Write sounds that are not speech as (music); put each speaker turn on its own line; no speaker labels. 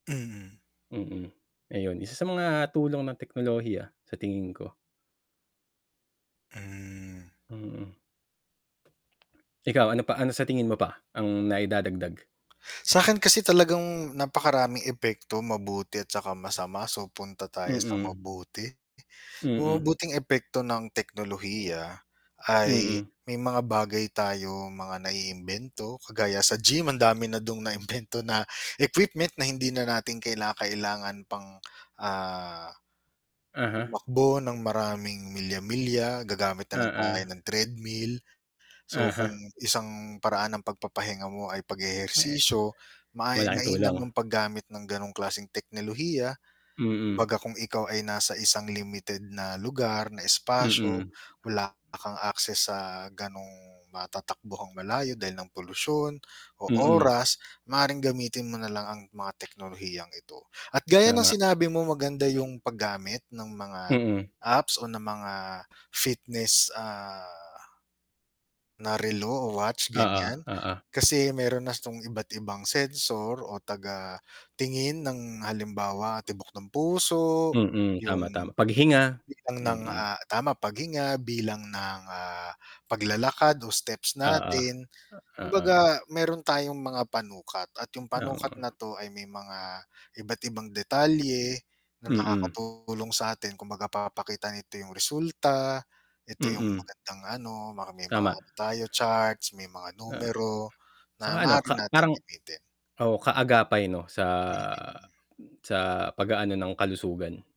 Mm.
Mm. Ayun, isa sa mga tulong ng teknolohiya sa tingin ko.
Mm.
Mm. Ikaw, ano pa ano sa tingin mo pa ang naidadagdag?
Sakin kasi talagang napakaraming epekto mabuti at tsaka masama, so punta tayo sa
Mm.
mabuti. Uh,
Mm.
mabuting epekto ng teknolohiya ay
Mm.
may mga bagay tayo mga naiimbento kagaya sa gym ang dami na dung naimbento (chuckles) na equipment na hindi na natin kinakailangan pang, ah,
Uh-huh.
tumakbo ng maraming milya-milya gagamit na lang tayo
Oo.
ng treadmill. So
Uh-huh.
kung isang paraan ng pagpapahinga mo ay
Me
pag-eehersisyo ma
Malaking
mainam
tulong.
ang paggamit ng ganong klaseng teknolohiya.
Mm.
Kumbaga kung ikaw ay nasa isang limited na lugar, na espasyo.
Mm.
Wala kang access sa ganong matatakbuhang malayo dahil ng polusyon o
Mm.
oras, maaaring gamitin mo na lang ang mga teknolohiyang ito. At gaya ng
Tama.
sinabi mong maganda yung paggamit ng mga
Mm.
apps o ng mga fitness, ah, na relo o watch
Oo,
ganyan.
oo.
Kasi meron na tong iba't ibang sensor o taga tingin ng halimbawa tibok ng puso,
Mm, tama,
yung
tama, paghinga.
bilang ng,
Mm.
ah, tama paghinga bilang ng, ah, paglalakad o steps
Oo.
natin.
Oo.
Kumbaga meron tayong mga panukat, at yung panukat na
(unintelligible)
to ay may mga iba't ibang detalye na
Mm.
nakakatulong sa atin kumbaga papakita nito yung resulta, ito yung
Mm.
magandang ano, maraming mga
Tama.
ano tayo charts, may mga
Ah.
numero, na
Tsaka ano
maaari
ka
nating
parang
gamitin.
oh kaagapay 'no sa,
Mm.
sa pag-aano ng kalusugan.